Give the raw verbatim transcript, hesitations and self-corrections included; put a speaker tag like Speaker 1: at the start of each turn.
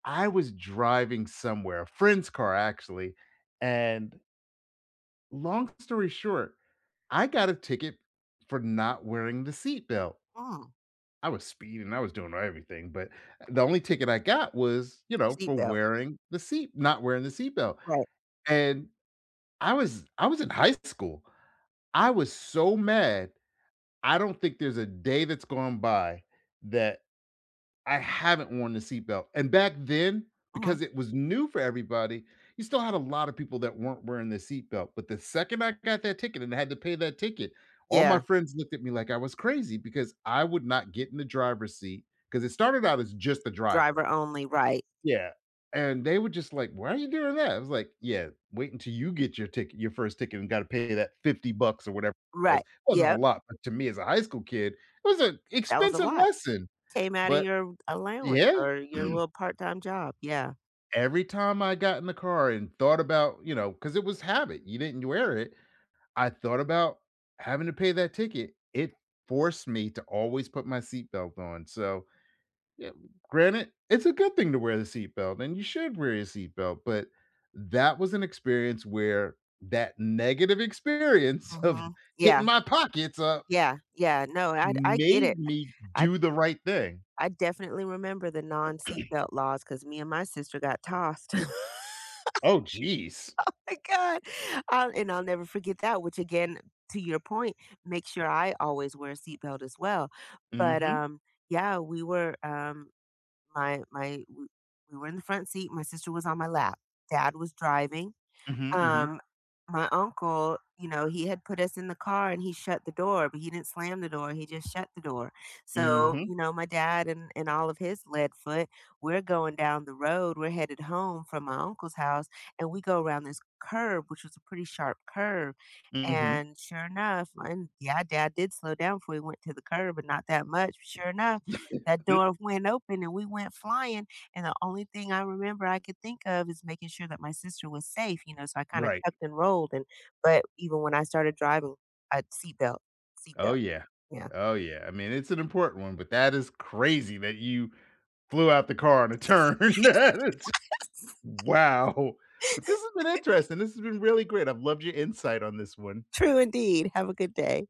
Speaker 1: I was driving somewhere, a friend's car actually, and long story short, I got a ticket for not wearing the seat belt.
Speaker 2: Mm.
Speaker 1: I was speeding, I was doing everything, but the only ticket I got was, you know,
Speaker 2: Seat
Speaker 1: for
Speaker 2: belt.
Speaker 1: wearing the seat not wearing the seat belt.
Speaker 2: Right.
Speaker 1: And, I was I was in high school, I was so mad. I don't think there's a day that's gone by that I haven't worn the seat belt. And back then, because
Speaker 2: Mhm.
Speaker 1: it was new for everybody, you still had a lotta people that weren't wearing the seat belt, but the second I got that ticket, and had to pay that ticket, all my
Speaker 2: Yeah.
Speaker 1: friends looked at me like I was crazy because I would not get in the driver's seat 'cause it started out as just the driver,
Speaker 2: Driver only, right.
Speaker 1: yeah, and they were just like, "Why are you doing that?" I was like, yeah. Wait until you get your ticket your first ticket and gotta pay that fifty bucks or whatever it was.
Speaker 2: Right,
Speaker 1: It wasn't a
Speaker 2: yep.
Speaker 1: lot, but to me as a high school kid, it was an
Speaker 2: That was a
Speaker 1: expensive
Speaker 2: lot,
Speaker 1: lesson,
Speaker 2: came out of
Speaker 1: but,
Speaker 2: your allowance,
Speaker 1: yeah.
Speaker 2: or your little part time job, yeah.
Speaker 1: Every time I got in the car and thought about, you know 'cause it was habit, you didn't wear it. I thought about having to pay that ticket. It forced me to always put my seat belt on, so, yeah, granted, it's a good thing to wear the seat belt, and you should wear your seat belt, but that was an experience where that negative experience of
Speaker 2: Mhm,
Speaker 1: hitting
Speaker 2: yeah.
Speaker 1: my pockets up
Speaker 2: Yeah, yeah, no, I d I get it,
Speaker 1: made me
Speaker 2: I
Speaker 1: do the right thing.
Speaker 2: I definitely remember the non seat belt laws, 'cause me and my sister got tossed.
Speaker 1: Oh, jeez.
Speaker 2: Oh my god. I'll and I'll never forget that, which again, to your point, make sure I always wear a seat belt, as well. But,
Speaker 1: Mhm.
Speaker 2: um, yeah, we were um, my my we we were in the front seat, my sister was on my lap. Dad was driving,
Speaker 1: Mhm, mhm.
Speaker 2: um, my uncle, you know, he had put us in the car, and he shut the door, but he didn't slam the door, he just shut the door. So,
Speaker 1: Mhm.
Speaker 2: you know, my dad and and all of his lead foot, we're going down the road, we're headed home from my uncle's house, and we go around this curve, which was a pretty sharp curve,
Speaker 1: Mhm.
Speaker 2: and, sure enough and, yeah, dad did slow down before he went into the curve, but not that much. Sure enough, that door went open and we went flying. And the only thing I remember I could think of is making sure that my sister was safe, you know, so I kinda
Speaker 1: Right.
Speaker 2: tucked and rolled and but even when I started driving, I had seat belt seat
Speaker 1: Oh,
Speaker 2: belt,
Speaker 1: yeah
Speaker 2: yeah.
Speaker 1: oh, yeah, I mean, it's an important one, but that is crazy that you flew out the car on a turn. Its Wow! But this has been interesting, this has been really great. I've loved your insight on this one.
Speaker 2: True indeed. Have a good day.